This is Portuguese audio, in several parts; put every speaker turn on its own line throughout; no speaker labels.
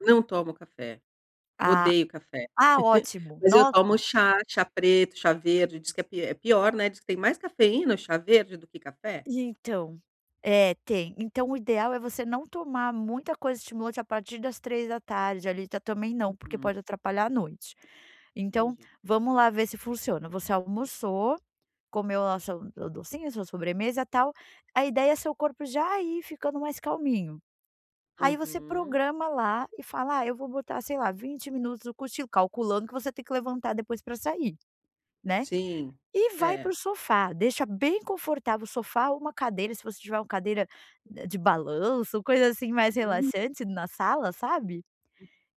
Não tomo café.
Ah,
Odeio café.
ah, ótimo,
Mas eu tomo
nossa.
chá, chá preto, chá verde, diz que é pi é pior, né, diz que tem mais cafeína, chá verde do que café.
Então, é, tem, então o ideal é você não tomar muita coisa de a partir das 15h, ali, ta também não porque
Uhum.
pode atrapalhar à noite. Então,
Entendi.
vamos lá ver se funciona, você almoçou comeu lá seu do docinho sua sobremesa tal, a ideia é seu corpo já ir ficando mais calminho. Aí você
Uhum.
programa lá e fala: "Ah, eu vou botar sei lá 20 minutos, no cochilo". Calculando que você tem que levantar depois pra sair, né,
Sim,
e vai
é.
pro sofá deixa bem confortável o sofá, uma cadeira se você tiver, uma cadeira de balanço ou coisa, assim, mais
Hum.
relaxante na sala, sabe?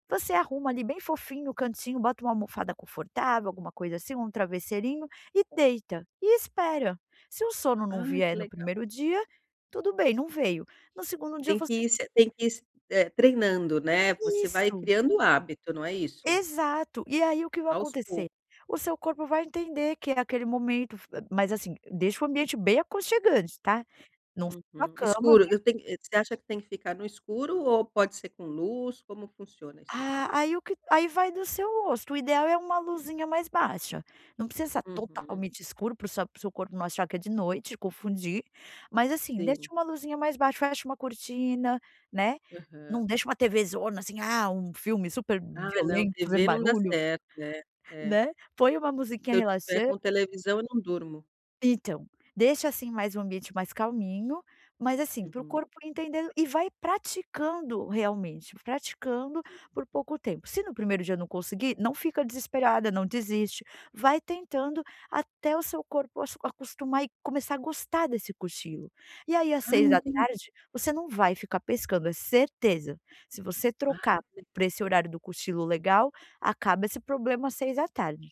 Você arruma ali bem fofinho no cantinho, bota uma almofada confortável, alguma coisa assim, um travesseirinho e deita e espera. Se o sono não
Ai, que
vier no
legal.
primeiro dia tudo bem, não veio. No segundo dia eu
Tem que
você
ir se a tem que ir, eh, treinando, né. Você vai
Isso.
criando hábito, não é isso?
Exato. E aí o que vai
Aos
acontecer?
pouco.
O seu corpo vai entender que é aquele momento, f mas assim, deixa o ambiente bem aconchegante, tá? Não só a
Uhum.
cama,
Escuro,
né.
eu tenho, você acha que tem que ficar no escuro ou pode ser com luz, como funciona isso aí?
Ah, aí o que aí vai do seu gosto o ideal é uma luzinha mais baixa, não precisa estar
Uhum.
totalmente escuro para seu para o seu corpo não achar que é de noite e confundir, mas, assim,
Sim.
deixa uma luzinha mais baixa, fecha uma cortina, né,
Aham.
não deixa uma tvzona, assim, ah, um filme super
Ah não,
violento fazer
tv não dá
barulho,
certo, né, é.
né, põe uma
Se
musiquinha
eu estiver
relaxa
com televisão eu não durmo.
Então, deixa, assim, mais um ambiente mais calminho, mas, assim, para o
Uhum.
corpo entender e vai praticando realmente, praticando por pouco tempo se no primeiro dia não conseguir não fica desesperada não desiste, vai tentando até o seu corpo acostumar e começar a gostar desse cochilo. E aí às
Ah,
seis da
enten
tarde você não vai ficar pescando, é certeza, se você
Ai,
trocar
que
para
legal.
esse horário do cochilo legal, acaba esse problema às 18h.